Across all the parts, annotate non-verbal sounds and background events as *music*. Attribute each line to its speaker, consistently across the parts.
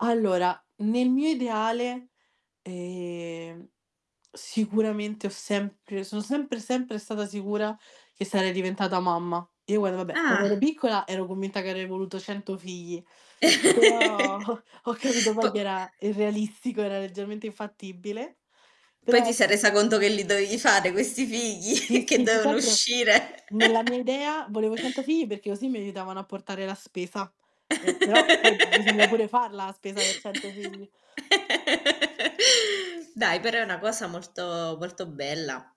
Speaker 1: Allora, nel mio ideale, ehm, sicuramente ho sempre son sempre, sempre stata sicura che sarei diventata mamma. Io guarda, vabbè, quando ero
Speaker 2: Ah.
Speaker 1: piccola, ero convinta che avrei voluto 100 figli, però
Speaker 2: *chuckles*
Speaker 1: ho ho capito
Speaker 2: Po
Speaker 1: poi che era irrealistico, era leggermente infattibile,
Speaker 2: Poi
Speaker 1: però ho
Speaker 2: ti sei
Speaker 1: s
Speaker 2: resa conto che li dovevi fare questi figli.
Speaker 1: Sì,
Speaker 2: *chuckles* Che
Speaker 1: sì, più che
Speaker 2: devono
Speaker 1: altro
Speaker 2: uscire.
Speaker 1: nella mia
Speaker 2: *chuckles*
Speaker 1: idea volevo 100 figli, perché così mi aiutavano a portare la spesa. Eh, però poi bisogna pure
Speaker 2: *laughs*
Speaker 1: farla a spesa per 100 figli.
Speaker 2: Dai però è una cosa molto molto bella.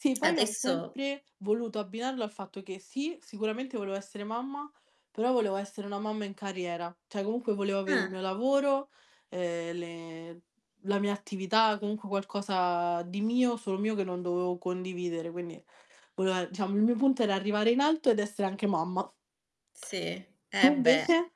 Speaker 1: Sì,
Speaker 2: *smacks lips*
Speaker 1: poi ho
Speaker 2: Adesso
Speaker 1: sempre voluto abbinarlo al fatto che, sì, sicuramente volevo essere mamma, però volevo essere una mamma in carriera, cioè comunque volevo avè il
Speaker 2: Ah.
Speaker 1: mio lavoro, ehm, le la mia attività, comunque qualcosa di mio, solo mio che non dovevo condividere, quindi volae diciamo il mio punto era arrivare in alto ed essere anche mamma.
Speaker 2: Sì?
Speaker 1: Tu
Speaker 2: Eh, beh.
Speaker 1: invece?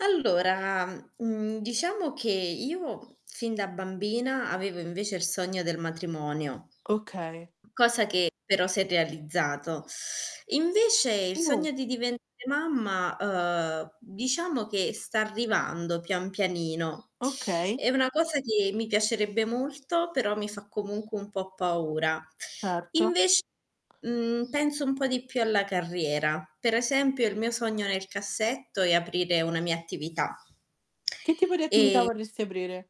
Speaker 2: Allora, mhmm, diciamo che io fin da bambina avevo invece il sogno del matrimonio.
Speaker 1: Okay.
Speaker 2: Cosa che però s'è realizzato. Invece il
Speaker 1: Uh!
Speaker 2: sogno di diventare mamma, uhm, diciamo che sta arrivando pian pianino.
Speaker 1: Okay.
Speaker 2: È una cosa che mi piacerebbe molto, però mi fa comunque un po' paura.
Speaker 1: Certo.
Speaker 2: Invec mhmm, penso un po' di più alla carriera. Per esempio il mio sogno nel cassetto, è aprire una mia attività.
Speaker 1: Che tipo di attività
Speaker 2: Ehm
Speaker 1: vorresti aprire?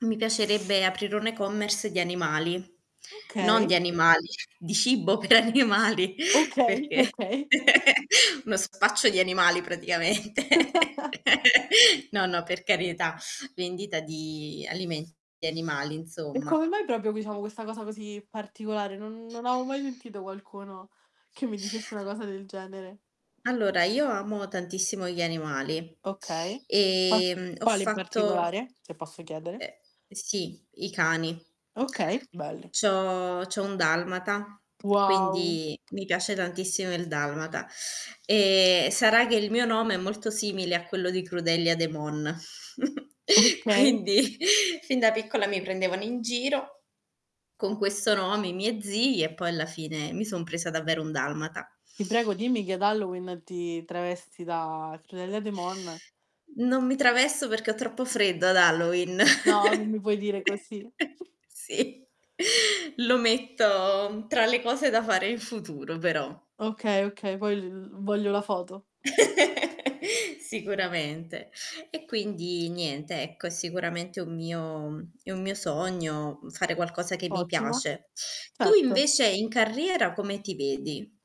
Speaker 2: Mi piacerebbe aprire un e-commerce di animali non di
Speaker 1: Okay.
Speaker 2: animali, di cibo per animali
Speaker 1: Okay,
Speaker 2: perché
Speaker 1: okay.
Speaker 2: *chuckles* uno spaccio di animali praticamente.
Speaker 1: *chuckles*
Speaker 2: *chuckles* No, no, per carità, vendita di alimen di animali
Speaker 1: E come
Speaker 2: insomma.
Speaker 1: mai proprio diciamo questa cosa così particolare? Non non avevo mai sentito qualcuno, che mi dicesse una cosa del genere.
Speaker 2: Allora, io amo tantissimo gli animali.
Speaker 1: Okay. Ah.
Speaker 2: Ehm, ho
Speaker 1: Quale in
Speaker 2: fatto
Speaker 1: particolare? Se posso chiedere.
Speaker 2: E sì, i cani.
Speaker 1: Okay, belli.
Speaker 2: C' ho c'ho un dalmata,
Speaker 1: Wow.
Speaker 2: quindi mi piace tantissimo il dalmata. Ehm, sarà che il mio nome è molto simile a quello di Crudelia De Mon. *chuckles*
Speaker 1: Okay.
Speaker 2: Quindi fin da piccola mi prendevano in giro ,con questo nome, i miei zii e poi alla fine mi son presa davvero un dalmata.
Speaker 1: Ti prego, dimmi che ad Halloween, ti travesti da Crudelia De Mon.
Speaker 2: Non mi travesto, perché ho troppo freddo ad Halloween.
Speaker 1: No, non mi
Speaker 2: *chuckles*
Speaker 1: puoi dire così.
Speaker 2: Sì, lo metto tra le cose da fare in futuro però.
Speaker 1: Okay, okay, poi l uhm, voglio la foto.
Speaker 2: *chuckles* Sicuramente. E quindi niente ecco, è sicuramente un mio mhmm, è un mio sogno fare qualcosa che mi
Speaker 1: Ottimo.
Speaker 2: piace. Tu
Speaker 1: Certo.
Speaker 2: invece in carriera come ti vedi?